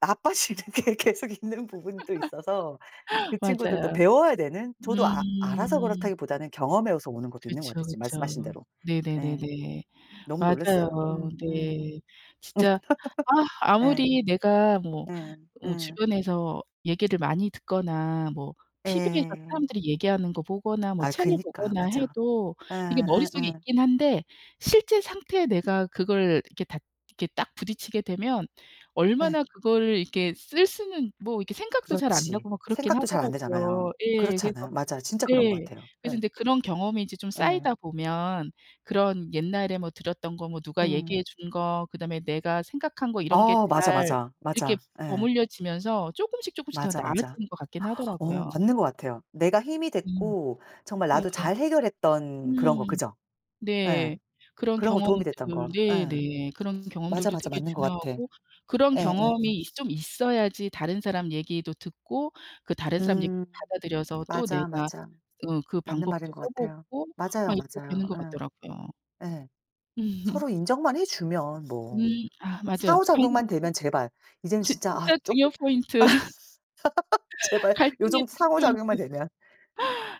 나빠지는 게 계속 있는 부분도 있어서 그 친구들도 맞아요. 배워야 되는. 저도 아 알아서 음. 그렇다기보다는 경험에서 오는 것도 있는 것 같아요 그쵸, 지금 그쵸. 말씀하신 대로. 예. 네네네네. 너무 놀랐어요. 맞아요. 음음음. 네. 진짜 아 예. 아무리 내가 뭐 예 어 예. 주변에서 얘기를 많이 듣거나 뭐 TV에서 예. 사람들이 얘기하는 거 보거나 뭐 아 책을 그니까. 보거나 맞아. 해도 이게 머릿속에 예예예. 있긴 한데 실제 상태에 내가 그걸 이렇게 다 이렇게 딱 부딪히게 되면 예. 얼마나 그거를 이렇게 쓸 수는 뭐 이렇게 생각도 잘 안 그렇지. 나고 막 그렇긴 생각도 잘 안되잖아요. 하더라고요. 예. 그렇지 그래서 않아요? 맞아요. 진짜 그런 것 네 같아요. 그래서 예. 인제 그런 경험이 인제 좀 예. 쌓이다 보면 그런 옛날에 뭐 들었던 거 뭐 누가 음. 얘기해 준 거 그다음에 내가 생각한 거 이런 게 어 맞아, 잘 맞아. 이렇게 맞아. 예. 버무려지면서 쪼끔씩, 쪼끔씩 더 맞아, 맞아. 나아지는 것 같긴 어 하더라고요. 맞는 것 같아요. 내가 힘이 음. 됐고 정말 네. 나도 잘 해결했던 그런 거 음. 그죠? 예. 네. 그런 그런 거 경험들 도움이 됐던 거. 예. 네네 그런 맞아, 경험들도 맞아. 되게 맞는 것 같아. 중요하고 그런 예예예. 경험이 있 좀 있어야지 다른 사람 얘기도 듣고 그 다른 사람 음. 얘기도 받아들여서 또 맞아, 내가 맞아. 응 그 맞는 말인 방법도 것 써 같아요. 보고 맞아요, 막 이렇게 맞아요. 되는 것 같더라고요. 예. 예. 서로 인정만 해 주면 뭐 음 아 맞아요. 방금 상호작용만 되면 제발 이제는 진 진짜 아 진짜 쪼끄 중요 아 포인트, 제발 요 갈등의 정도 중요 포인트. 상호작용만 되면.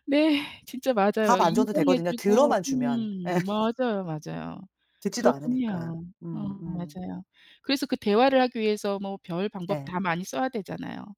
네. 진짜 답 맞아요. 안 줘도 인정해 되거든요 주고 들어만 주면. 예. 음 맞아요, 맞아요. 듣지도 그렇긴 않으니까. 해요. 어 음 음. 맞아요. 그래서 그 대화를 하기 위해서 뭐 별 방법 예. 다 많이 써야 되잖아요.